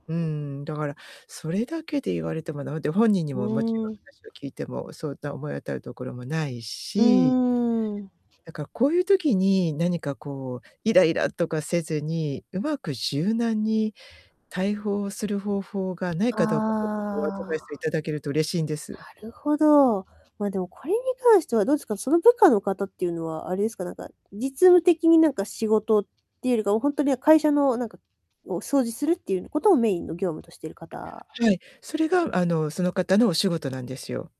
うーん、だからそれだけで言われても駄目で、本人にうももちろんーん。話を聞いてもそんな思い当たるところもないうし。ーん。だからこういう時に、何かこうイライラとかせずに、上手く柔軟にたいほうする方法がないかどうかちょっと今日アドバイあスをあ、頂けると嬉しいんです。なるほど。まあでもこれに関してはどうすか、その部下の方っていうのはあれですか、なんか実務的になんか仕事っていうよりか、ほんとに会社のなんかを掃除するっていうことをメインの業務としてる方？はい、それがあのその方のお仕事なんですよ。